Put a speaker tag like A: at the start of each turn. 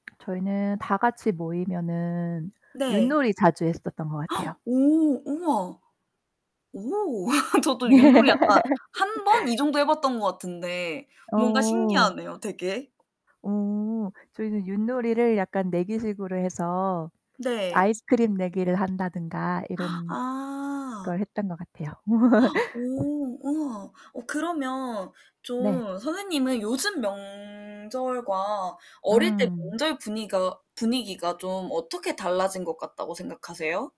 A: 저희는 다 같이 모이면은
B: 네.
A: 윷놀이 자주 했었던 것 같아요.
B: 오 우와. 오 저도 윷놀이 약간 1 번 이 정도 해 봤던 거 같은데 뭔가
A: 어.
B: 신기하네요 되게.
A: 음. 저희는 윷놀이를 약간 내기식으로 해서
B: 네.
A: 아이스크림 내기를 한다든가 이런걸
B: 아.
A: 했던 것 같아요.
B: 오 우와 어 그러면
A: 네.
B: 좀 선생님은 요즘 명절과 어릴 때
A: 음.
B: 명절 분위가 분위기가 좀 어떻게 달라진 것 같다고 생각하세요?